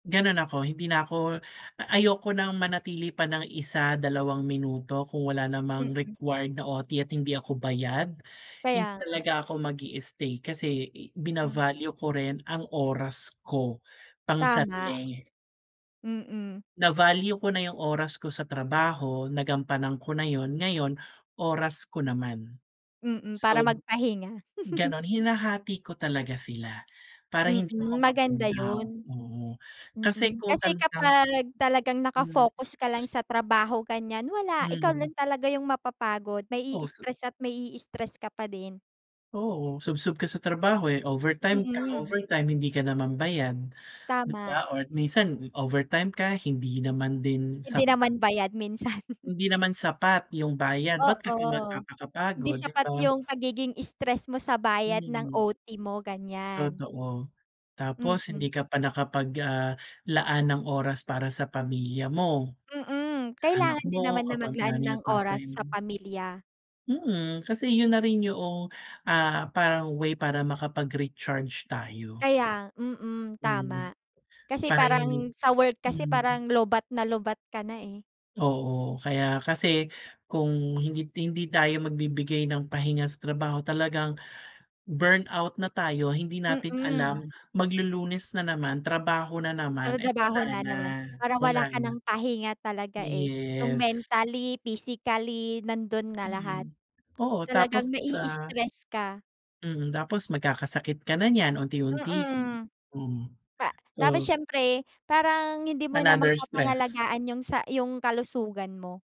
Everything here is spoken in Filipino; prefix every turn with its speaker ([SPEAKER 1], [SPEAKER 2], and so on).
[SPEAKER 1] Ganon ako, hindi na ako ayoko ng manatili pa ng 1 2 minuto kung wala namang
[SPEAKER 2] Mm.
[SPEAKER 1] required na OT at hindi ako bayad. Hindi
[SPEAKER 2] Kaya nga.
[SPEAKER 1] talaga ako mag-i-stay kasi,
[SPEAKER 2] Hmm.
[SPEAKER 1] bina-value ko rin ang oras ko,
[SPEAKER 2] Tama.
[SPEAKER 1] pangsarili.
[SPEAKER 2] Mm.
[SPEAKER 1] Na-value ko na yung oras ko sa trabaho, nagampanan ko na yun. Ngayon, oras ko naman.
[SPEAKER 2] Mm, para
[SPEAKER 1] So
[SPEAKER 2] magpahinga.
[SPEAKER 1] ganun, hinahati ko talaga sila para hindi ako
[SPEAKER 2] Mm, maganda
[SPEAKER 1] ma-burnout,
[SPEAKER 2] 'yun.
[SPEAKER 1] mm. Kasi
[SPEAKER 2] Mm,
[SPEAKER 1] kung
[SPEAKER 2] kasi
[SPEAKER 1] talagang
[SPEAKER 2] kapag talagang
[SPEAKER 1] hmm.
[SPEAKER 2] nakafocus ka lang sa trabaho ganiyan wala ikaw
[SPEAKER 1] Mm.
[SPEAKER 2] lang talaga yung mapapagod mai-stress at mai-stress ka pa din.
[SPEAKER 1] Oo, subsob ka sa trabaho, eh, overtime ka,
[SPEAKER 2] Mm.
[SPEAKER 1] overtime hindi ka naman bayad 'di
[SPEAKER 2] Tama.
[SPEAKER 1] ba, or minsan overtime ka hindi naman din
[SPEAKER 2] Hindi
[SPEAKER 1] sapat.
[SPEAKER 2] naman bayad minsan.
[SPEAKER 1] Hindi naman sapat 'yung bayad, ba't ka pa
[SPEAKER 2] Oo, hindi
[SPEAKER 1] magpapakapagod 'di
[SPEAKER 2] sapat
[SPEAKER 1] ba?
[SPEAKER 2] yung pagiging stress mo sa bayad ng
[SPEAKER 1] Mm.
[SPEAKER 2] OT mo ganiyan.
[SPEAKER 1] Totoo, tapos
[SPEAKER 2] Mm.
[SPEAKER 1] hindi ka pa nakapag ah, laan ng oras para sa pamilya mo.
[SPEAKER 2] Mm,
[SPEAKER 1] Sa anak
[SPEAKER 2] kailangan din
[SPEAKER 1] mo
[SPEAKER 2] naman na
[SPEAKER 1] kapag
[SPEAKER 2] maglaan
[SPEAKER 1] nanay
[SPEAKER 2] ng
[SPEAKER 1] at
[SPEAKER 2] oras
[SPEAKER 1] tatay
[SPEAKER 2] sa
[SPEAKER 1] mo
[SPEAKER 2] pamilya.
[SPEAKER 1] Mm, kasi 'yun na rin yuong, ah, parang way para makapag-recharge tayo.
[SPEAKER 2] Kaya mm,
[SPEAKER 1] Mm,
[SPEAKER 2] tama kasi
[SPEAKER 1] para hindi
[SPEAKER 2] parang sa work kasi
[SPEAKER 1] mm.
[SPEAKER 2] parang lowbat na lowbat ka na eh.
[SPEAKER 1] Oo, kaya kasi kung hindi hindi tayo magbibigay ng pahinga sa trabaho talagang, burnout na tayo hindi natin
[SPEAKER 2] Mm.
[SPEAKER 1] alam maglulunes na naman trabaho na naman, eh, wala
[SPEAKER 2] Tratrabaho na
[SPEAKER 1] na,
[SPEAKER 2] naman parang wala
[SPEAKER 1] wala
[SPEAKER 2] ka
[SPEAKER 1] na.
[SPEAKER 2] ng pahinga talaga eh, yung
[SPEAKER 1] Yes.
[SPEAKER 2] mentally, physically, nandun na lahat
[SPEAKER 1] Mm, oo tapos
[SPEAKER 2] talagang
[SPEAKER 1] sa
[SPEAKER 2] mai-stress ka.
[SPEAKER 1] Mm, tapos magkakasakit ka na niyan unti-unti rin.
[SPEAKER 2] Mm,
[SPEAKER 1] Mm,
[SPEAKER 2] pa tapos
[SPEAKER 1] oo.
[SPEAKER 2] siyempre parang hindi mo na
[SPEAKER 1] Another stress.
[SPEAKER 2] mapapangalagaan yung sa yung kalusugan mo